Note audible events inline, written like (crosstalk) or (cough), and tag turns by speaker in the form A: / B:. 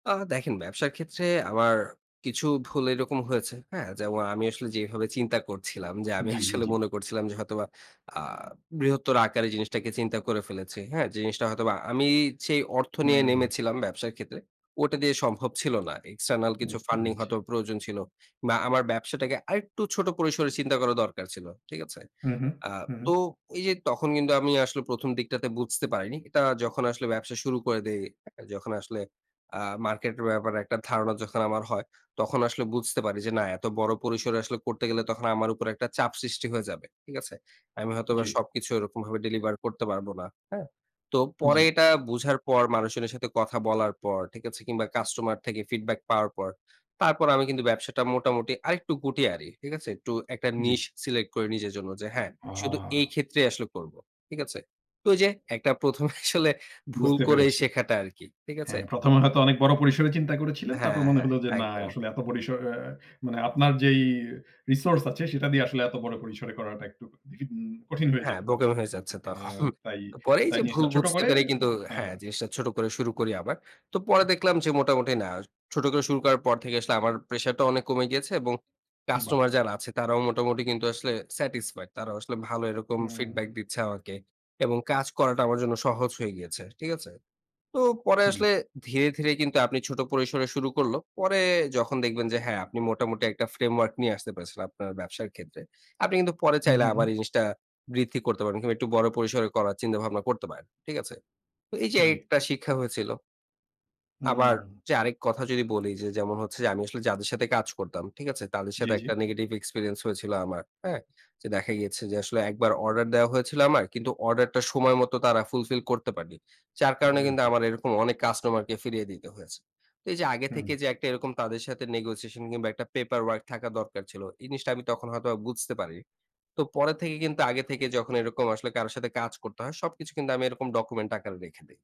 A: আ দেখেন ব্যবসার ক্ষেত্রে আমার কিছু ভুল এরকম হয়েছে। হ্যাঁ? যেমন আমি আসলে যেভাবে চিন্তা করছিলাম যে আমি
B: জি, জি,
A: আসলে
B: জি।
A: মনে করছিলাম যে হয়তোবা আ বৃহত্তর আকারে জিনিসটাকে চিন্তা করে ফেলেছি। হ্যাঁ? জিনিসটা হয়তোবা আমি সেই অর্থ নিয়ে
B: হুম।
A: নেমেছিলাম ব্যবসার ক্ষেত্রে ওটা দিয়ে সম্ভব ছিল না। এক্সটার্নাল কিছু
B: বুঝতে
A: ফান্ডিং
B: পেরেছি।
A: হয়তো প্রয়োজন ছিল বা আমার ব্যবসাটাকে আরেকটু ছোট পরিসরে চিন্তা করা দরকার ছিল। ঠিক আছে?
B: হু, হু।
A: আ
B: হু, হু।
A: তো এই যে তখন কিন্তু আমি আসলে ১ম দিকটাতে বুঝতে পারিনি। এটা যখন আসলে ব্যবসা শুরু করে দেই, যখন আসলে আ মার্কেটের ব্যাপারে একটা ধারণা যখন আমার হয়, তখন আসলে বুঝতে পারি যে, না এত বড় পরিসরে আসলে করতে গেলে তখন আমার উপর একটা চাপ সৃষ্টি হয়ে যাবে। ঠিক আছে? আমি হয়তোবা
B: জি।
A: সবকিছু ওই রকমভাবে ডেলিভার করতে পারব না। হ্যাঁ? তো
B: জি।
A: পরে এটা বুঝার পর মানুষজনের সাথে কথা বলার পর ঠিক আছে, কিংবা কাস্টমার থেকে ফিডব্যাক পাওয়ার পর তারপর আমি কিন্তু ব্যবসাটা মোটামুটি আরেকটু গুটিয়ে আনি ঠিক আছে? একটু একটা
B: জি।
A: নিশ সিলেক্ট করে নিজের জন্য যে হ্যাঁ শুধু
B: আহা!
A: এই ক্ষেত্রেই আসলে করব। ঠিক আছে? তো ওই যে একটা ১ম এ আসলে ভুল
B: বুঝতে
A: করে
B: পেরেছি।
A: শেখাটা আরকি। ঠিক
B: হ্যাঁ
A: আছে?
B: ১ম এ হয়তো অনেক বড় পরিসরে চিন্তা করেছিলেন। তারপর
A: হ্যাঁ,
B: মনে
A: হ্যাঁ
B: হলো যে না
A: একদম।
B: আসলে এত পরিসর এ মানে আপনার যেই রিসোর্স আছে সেটা দিয়ে আসলে এত বড় পরিসরে করাটা একটু (unintelligible) কঠিন হয়ে
A: হ্যাঁ
B: যেতে পারে।
A: বোকামি হয়ে যাচ্ছে তখন।
B: হ্যাঁ তাই।
A: পরেই
B: তাই
A: যে ভুল
B: জিনিসটা ছোট
A: বুঝতে
B: করে
A: পারে কিন্তু
B: হ্যাঁ।
A: হ্যাঁ জিনিসটা ছোট করে শুরু করি আবার। তো পরে দেখলাম যে মোটামুটি না, ছোট করে শুরু করার পর থেকে আসলে আমার প্রেশারটা অনেক কমে গিয়েছে এবং
B: বাহ!
A: কাস্টমার যারা আছে তারাও মোটামুটি কিন্তু আসলে স্যাটিসফাইড। তারাও আসলে ভালো এরকম
B: হুম।
A: ফিডব্যাক দিচ্ছে আমাকে এবং কাজ করাটা আমার জন্য সহজ হয়ে গিয়েছে। ঠিক আছে? তো পরে
B: জি।
A: আসলে ধীরে, ধীরে কিন্তু আপনি ছোট পরিসরে শুরু করল। পরে যখন দেখবেন যে হ্যাঁ আপনি মোটামুটি একটা ফ্রেমওয়ার্ক নিয়ে আসতে পেরেছেন আপনার ব্যবসার ক্ষেত্রে। আপনি কিন্তু পরে
B: হু,
A: চাইলে আবার
B: হুম।
A: এই জিনিসটা বৃদ্ধি করতে পারবেন কিংবা একটু বড় পরিসরে করার চিন্তা ভাবনা করতে পারেন। ঠিক আছে? তো এই যে এই
B: জি।
A: একটা শিক্ষা হয়েছিল। আবার
B: হুম।
A: যে আরেক কথা যদি বলি যে, যেমন হচ্ছে যে আমি আসলে যাদের সাথে কাজ করতাম ঠিক আছে? তাদের
B: জি,
A: সাথে
B: জি।
A: একটা negative experience হয়েছিল আমার। হ্যাঁ? যে দেখা গিয়েছে যে, আসলে একবার অর্ডার দেয়া হয়েছিল আমার কিন্তু অর্ডারটা সময় মতো তারা ফুলফিল করতে পারেনি। যার কারণে
B: বলেন
A: কিন্তু
B: কি?
A: আমার এরকম অনেক কাস্টমারকে ফিরিয়ে দিতে হয়েছে। তো এই যে আগে
B: হুম।
A: থেকে যে একটা এরকম তাদের সাথে নেগোশিয়েশন কিংবা একটা পেপার ওয়ার্ক থাকা দরকার ছিল। এই জিনিসটা আমি তখন হয়তোবা বুঝতে পারি নি। তো পরে থেকে কিন্তু আগে থেকে যখন এরকম আসলে কারো সাথে কাজ করতে হয় সবকিছু কিন্তু আমি এরকম ডকুমেন্ট আকারে রেখে দেই।